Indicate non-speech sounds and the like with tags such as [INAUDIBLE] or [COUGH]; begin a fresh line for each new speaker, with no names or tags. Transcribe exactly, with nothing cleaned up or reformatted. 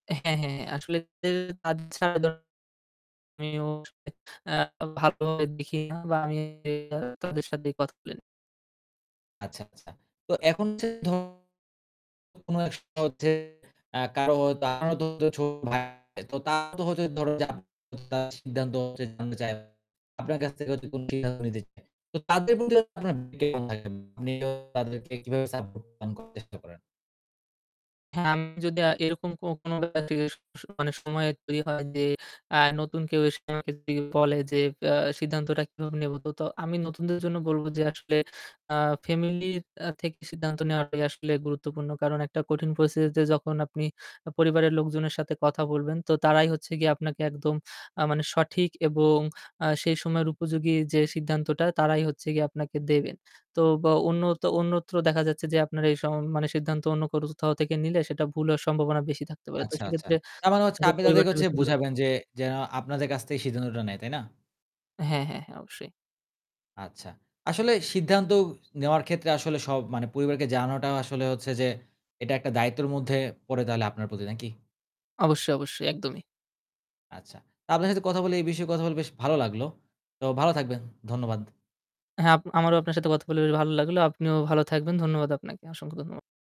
হ্যাঁ, হ্যাঁ আসলে [UNINTELLIGIBLE] কাজ ছাড়া আমিও [UNINTELLIGIBLE] আ ভালো ভাবে দেখি না বা আমি তাদের সাথে কথা বলিনা।
আচ্ছা, আচ্ছা। তো এখন যে ধরুন কোন এক সময় হচ্ছে আ কারো হয়তো ছোট ভাই তো তারতো হচ্ছে ধরো [UNINTELLIGIBLE] সিদ্ধান্ত হচ্ছে জানতে চায়। [UNINTELLIGIBLE] আপনার কাছ থেকে কোন সিদ্ধান্ত নিতে চায়। তো তাদের প্রতি আপনার [UNINTELLIGIBLE] তাদেরকে কিভাবে সাপোর্ট প্রদানের চেস্টা করেন।
হ্যাঁ, আমি যদি এরকম কো কোন [UNINTELLIGIBLE] অনেক সময় তৈরি হয় যে আ নতুন কেউ এসে আমাকে যদি বলে যে আ সিদ্ধান্তটা কিভাবে নেব। তো তো আমি নতুনদের জন্য বলব যে আসলে আ ফ্যামিলি আ থেকে সিদ্ধান্ত নেওয়া আসলে গুরুত্বপূর্ণ। কারণ একটা কঠিন পরিস্থিতিতে যখন আপনি পরিবারের লোকজনের সাথে কথা বলবেন, তো তারাই হচ্ছে গিয়ে আপনাকে একদম আ মানে সঠিক এবং আ সেই সময়ের উপযোগী যে সিদ্ধান্তটা তারাই হচ্ছে গিয়ে আপনাকে দেবেন। তো বা অন্য অন্যত্র দেখা যাচ্ছে যে আপনার এই সম মানে সিদ্ধান্ত অন্য করজ কোথাও থেকে নিলে সেটা ভুল হওয়ার সম্ভাবনা বেশি থাকতে পারে। তো
আচ্ছা, আচ্ছা।
সেক্ষেত্রে
তার মানে হচ্ছে
[UNINTELLIGIBLE]
আপনি
পরিবারটা।
তাদেরকে
[UNINTELLIGIBLE]
বুঝাবেন যে যেন আপনাদের কাছ থেকে সিদ্ধান্তটা নেয়, তাই না?
হ্যাঁ, হ্যাঁ, হ্যাঁ অবশ্যই।
আচ্ছা। আসলে সিদ্ধান্ত নেওয়ার ক্ষেত্রে আসলে সব পরিবারকে জানাটা আসলে হচ্ছে যে এটা একটা দায়িত্বের মধ্যে পড়ে তাহলে আপনার প্রতি নাকি?
অবশ্যই, অবশ্যই একদমই।
আচ্ছা, তা আপনার সাথে কথা বলে এই বিষয়ে কথা বলে বেশ ভালো লাগলো। তো ভালো থাকবেন। ধন্যবাদ।
হ্যাঁ, আপ আমারও আপনার সাথে কথা বলে বেশ ভালো লাগলো। আপনিও ভালো থাকবেন। ধন্যবাদ আপনাকে। অসংখ্য ধন্য